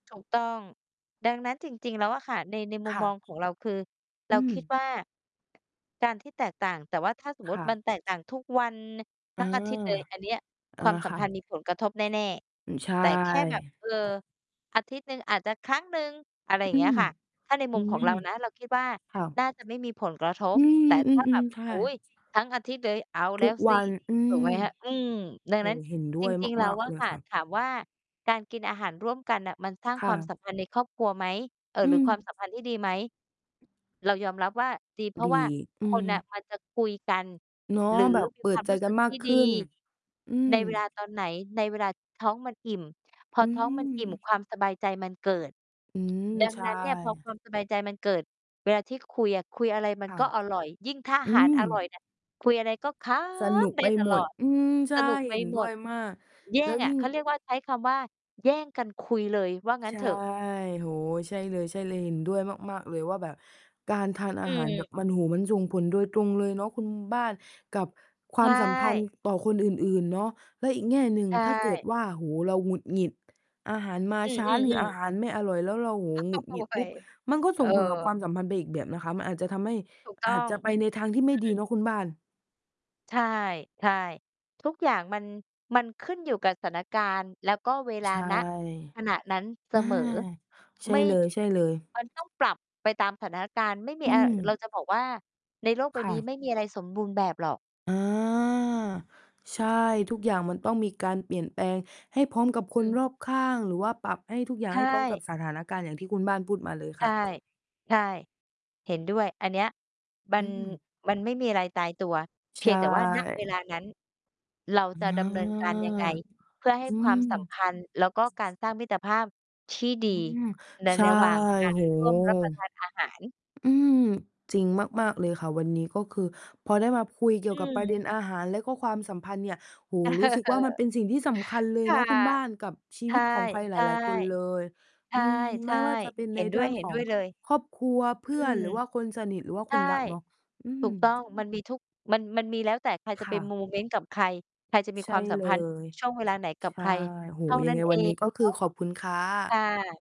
ถูกต้อง ดังนั้นจริง ๆ แล้วอะค่ะ ใน ในมคุม่มองะ ของเรา คือเอรืาคิดม ว่า การที่แตกต่าง แต่ว่าถ้าสมมคุติ่ะ มันแตกต่างทุกวัน ทอัา ้ง อาทิตย์เลย อันเนี้ยเอคอ วามสัคม่พันธะ ์มีผลกระทบแน่ อืม ใช่ ๆ แต่แค่แบบ เออ อาทิตย์หนึ่งอาจจะครั้งหนึ่ง อะไรอย่าองืเงี้ยม ค่ะ ถ้าในมอุืมขอม งเรานะ เราคิดว่าค่ะ น่าจะไม่มีผลกระทบ อืแต่ม อถ้า แืบม บ ๆ ใช่ โอ้โฮ ทั้งอาทิตย์เลย เอาแทลุ้กวสวิ ัน อืถูกไหม มคะ อืม ดังโอ้นั้โน ฮ เห็นด้จวยริง ๆ แล้มาว ก อๆ เะลยค่ะ ค่ะ ถามว่า "การกินอาหารร่วมกันน่ะ มันสร้างคค่วามสะ ัมพันธ์ในครอบครัวไหม?" เอ่อ อืหรือ "ความม สัมพันธ์ที่ดีไหม?" เรายอมรับว่าดี เพราดะี ว่าอืคม นน่ะมันจะคุยกัน เนาะ หรือแบบมีเปิควาดมใจรู้กสัึนก มทากี่ขดีึ้น อืม ใน เวลา ตอนไหน ในเวลาท้องมันอิ่ม พออืท้องมันอิ่ม ม ความสบายใจมันเกิด อืม ดังใชนั้นเนี่ย พอค่ วามสบายใจมันเกิด เวลาที่คุยอะ คุยอะไรมัคน่ะ ก็อร่อย ยิ่งถ้าออาืหาร ม อร่อยเนี่ย คุยอะไรก็ขสนุกำได้ไปตหมลด อด อืม ใชส่ นุกไปเห็นหดม้วด ยมาก แย่แล้วงอยะ ิ่ง เขาเรียกว่า ใช้คำว่า "แย่งกันคุย" เลย ว่างั้ใชน่ เถอะ โอ้โฮ ใช่เลย ๆ เห็นด้วยมาก ๆ เลยว่าแบบการทานออาหาร แบืม บมัน โอ้โฮ มันส่งผลโดยตรงเลยเนาะคุณบ้าน กับควใชามสัมพันธ่ ์ต่อคนอื่น ๆ เนาะ แล้วอีกแง่หนึ่ง ใชถ้าเกิด่ ว่า โอ้โฮ เราหงุดหงิด อาหารมาอืช้าหรืออ อาๆ ๆ หารไม่อร่อย แล้วเรา โอ้โฮ หักหคงุ่าดตหังิวดไป ปุ๊บ มันก็เสออ ่งผลกับความสัมพันธ์ไปอีกแบบนะคะ มันอาจจะทำให้ ถูกต้อาอจง จะไปในทางที่ไม่อืดีม เนาะคุณบ้าน ใช่ ใช่ ทุกอย่างมัน มันขึ้นอยู่กับสถานการณ์ แล้วก็เวลา ใช่ ณ ขณะนั้นเสอา มอ ใช่ไม่ เลย ๆ มันต้องปรับไปตามสถานการณ์ ไม่มีอือะ เราม จะบอกว่า ในโลกใบค่นี้ะ ไม่มีอะไรสมบูรณ์แบบหรอก อา ใช่ ทุกอย่างมันต้องมีการเปลี่ยนแปลงให้พร้อมกับคอนืม รอบข้าง หรือว่าปรับให้ทุกอย่างไทให้พร้อมกับ่ สถานการณ์ อย่างที่คุณบ้านพูดมาเลยใชค่่ ะ ใช่ เห็นด้วย อันเนี้ย มัอืน ม มันไม่มีอะไรตายตัว เพใชียงแต่ว่า ณ เว่ ลานั้น เราอา จะดำเนินการยังไง เพื่อให้อืความสัมม พันธ์ แล้วก็การสร้างมิตรภาพที่ ดีอืม ใน ใช่ ระหว่างกาโรอ้โรฮ ่วมรับประทาน อาหาร อืม จริงมาก ๆ เลยค่ะ วันนี้ ก็คือพอได้มาคุยเกีอ่ยืวกับประเม ด็นอาหาร และก็ความสัมพันธ์เนี่ย โอ้โเฮ รู้สึกอว่า มันเอ ป็นสิ่งที่สำคัญเลยค่เนะ าะคุณบ้าน กับชีใชว่ ิตของใครหใลช่ าย ๆ คนเลย ใชอื่ ม ใไชม่่ ว่าจะเป็นเใหน็นดเร้ืว่องของ ย ๆ เลย ครอบครัว เพอืื่อน ม หรือว่าคนสนิท หรือว่าใชค่ นรักเนาะ อืถูม กต้อง มันมีทุก มัน มันมีแล้วแต่ใครจคะไ่ปโะ มเมนต์กับใคร ใครจะมีใชค่วามสัเมลพันธ์ย ช่วงเวลาไหนกัใชบใค่ รโอ้โฮ เท่ายันัง้ไน งเอวันนี้ ง ก็คือขอบคุณค่เนาะ คะ ่ะ